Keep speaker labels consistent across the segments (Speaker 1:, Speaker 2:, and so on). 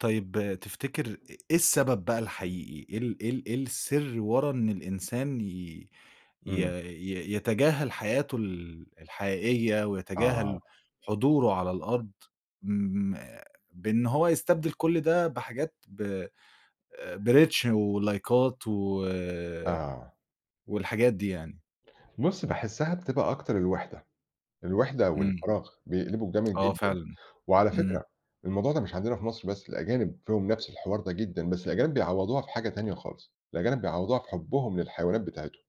Speaker 1: طيب تفتكر إ إيه السبب بقى الحقيقي؟ إيه ال إيه ال إيه السِر ورا إن الإنسان ي ي
Speaker 2: إمم.
Speaker 1: ي يتجاهل حياته ال الحقيقية
Speaker 2: آه.
Speaker 1: ويتجاهل حضوره على الأرض ما بإن هو يستبدل كل ده بحاجات ب آآ بreach ولايكات و
Speaker 2: آه.
Speaker 1: والحاجات دي يعني؟
Speaker 2: بُص، باحسّها بتبقى أكتر الوِحدة، الوِحدة أو
Speaker 1: إمم.
Speaker 2: الفراغ بيقلبوا جامد
Speaker 1: آه
Speaker 2: جدًا.
Speaker 1: فعلًا.
Speaker 2: وعلى
Speaker 1: إمم.
Speaker 2: فكرة الموضوع ده مش عندنا في مصر بس، الأجانب فيهم نَفْس الحوار ده جدًا، بس الأجانب بيعوّضوها في حاجة تانية خالص. الأجانب بيعوّضوها في حُبّهم للحيوانات بتاعتهم،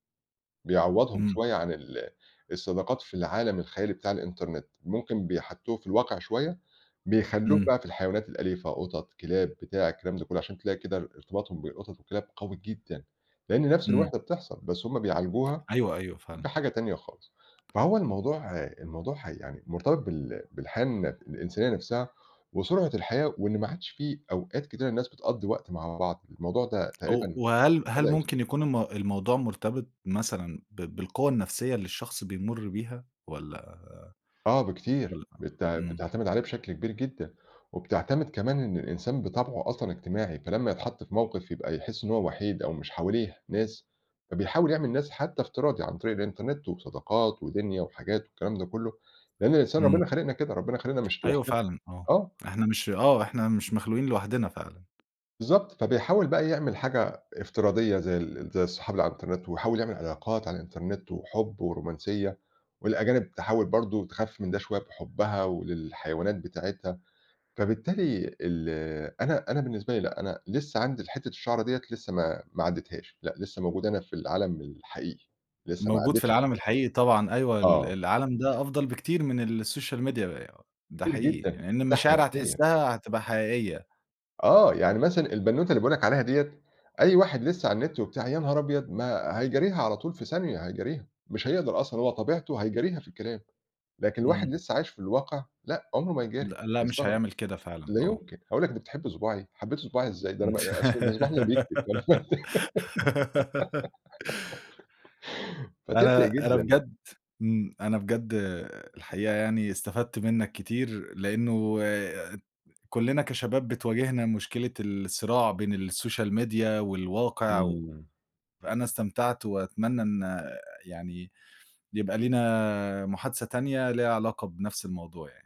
Speaker 2: بيعوّضهم
Speaker 1: إمم.
Speaker 2: شوية عن ال الصداقات في العالم الخيالي بتاع الإنترنت، ممكن بيحطّوه في الواقع شوية بيخلّوه
Speaker 1: إمم.
Speaker 2: بقى في الحيوانات الأليفة قُطَط، كلاب، بتاع الكلام ده كُلّه عشان تلاقي كده ار ارتباطهم بالقُطَط والكلاب قوي جدًا، لإن نَفْس
Speaker 1: إمم.
Speaker 2: الوِحدة بتحصل، بس هم بيعالجوها
Speaker 1: أيوه، أيوه فعلًا.
Speaker 2: بحاجة تانية خالص. فهو الموضوع الموضوع حَي يعني مرتبط بال بالحياة الن الإنسانية نَفْسها، وسرعة الحياة وإن ما عادش في أوقات كتيرة الناس بتقضّي وقت مع بعض، الموضوع ده
Speaker 1: أو
Speaker 2: تقريبًا
Speaker 1: وهل هل
Speaker 2: بدأ
Speaker 1: ممكن
Speaker 2: يختفي.
Speaker 1: يكون المو الموضوع مرتبط مثلًا ب بالقوة النَفْسية اللي الشخص بيمُر بيها؟ والّا
Speaker 2: آه، بكتير.
Speaker 1: والّا
Speaker 2: بتع
Speaker 1: إمم.
Speaker 2: بتعتمد عليه بشكل كبير جدًا وبتعتمد كمان إن الإنسان بطبعه أصلًا اجتماعي، فلمّا يتحَط في موقِف يبقى يحِس إن هو وحيد أو مش حواليه ناس، فبيحاول يعمل ناس حتّى افتراضي عن طريق الإنترنت وصداقات ودِنيا وحاجات والكلام ده كُلّه، لإن الإنسان
Speaker 1: إمم.
Speaker 2: ربِّنا خالقنا كده، ربِّنا خالقنا مش
Speaker 1: أيوه
Speaker 2: لوحدنا.
Speaker 1: فعلًا، آه.
Speaker 2: آه.
Speaker 1: إحنا مش آه. إحنا مش مخلوقين لوحدنا فعلًا.
Speaker 2: بالضبط. فبيحاول بقى يعمل حاجة افتراضية زي ال زي الصحاب اللي على الإنترنت ويحاول يعمل علاقات على الإنترنت وحُب ورومانسية والأجانب تحاول برضه تخفِّف من ده شوية بحُبّها و للحيوانات بتاعتها، فبالتالي ال أنا أنا بالنسبة لي لأ، أنا لسّه عندي الحتّة الشَعرة ديّة لسّه ما ما عدّتهاش لأ، لسّه موجود أنا في العالم الحقيقي، لسّه ما
Speaker 1: موجود في
Speaker 2: عدّتش
Speaker 1: العالم الحقيقي طبعًا،
Speaker 2: [unintelligible]
Speaker 1: أيوه، ال
Speaker 2: آه.
Speaker 1: العالم ده أفضل بكتير من الsocial media ده
Speaker 2: كتير
Speaker 1: حقيقي،
Speaker 2: جدًا،
Speaker 1: يعني إن
Speaker 2: مرتاحة
Speaker 1: المشاعر
Speaker 2: نَفْسيًا.
Speaker 1: هتحسّها هتبقى حقيقية.
Speaker 2: آه. يعني مثلًا البنّوتة اللي باقول لك عليها ديّة أي واحد لسّه على النِت وبتاع يا نهار أبيض! ما هيجاريها على طول في ثانية هيجاريها، مش هيقدر أصلًا هو طبيعته هيجاريها في الكلام. لكن واحد
Speaker 1: إمم.
Speaker 2: لسّه عايش في الواقع لأ، عُمره ما يجاري
Speaker 1: لأ، لأ مش
Speaker 2: هيستغرب،
Speaker 1: هيعمل كده فعلًا،
Speaker 2: لا
Speaker 1: آه.
Speaker 2: يُمكن، هيقول لك دي بتحب صُباعي، حبيتِ صُباعي إزاي؟ ده أنا
Speaker 1: إمم.
Speaker 2: ما آآ أصل ده صُباعي اللي بيكتب [unintelligible] فتفرِق
Speaker 1: أنا أنا
Speaker 2: جدًا.
Speaker 1: بجد إمم. أنا بجد الحقيقة يعني استفدت منّك كتير لإنّه ات كُلّنا كشباب بتواجهنا مشكلة الصراع بين الsocial media والواقع و
Speaker 2: إمم.
Speaker 1: فأنا استمتعت وأتمنّى إن يعني يبقى لينا محادثة تانية ليها علاقة بنَفْس الموضوع يعني.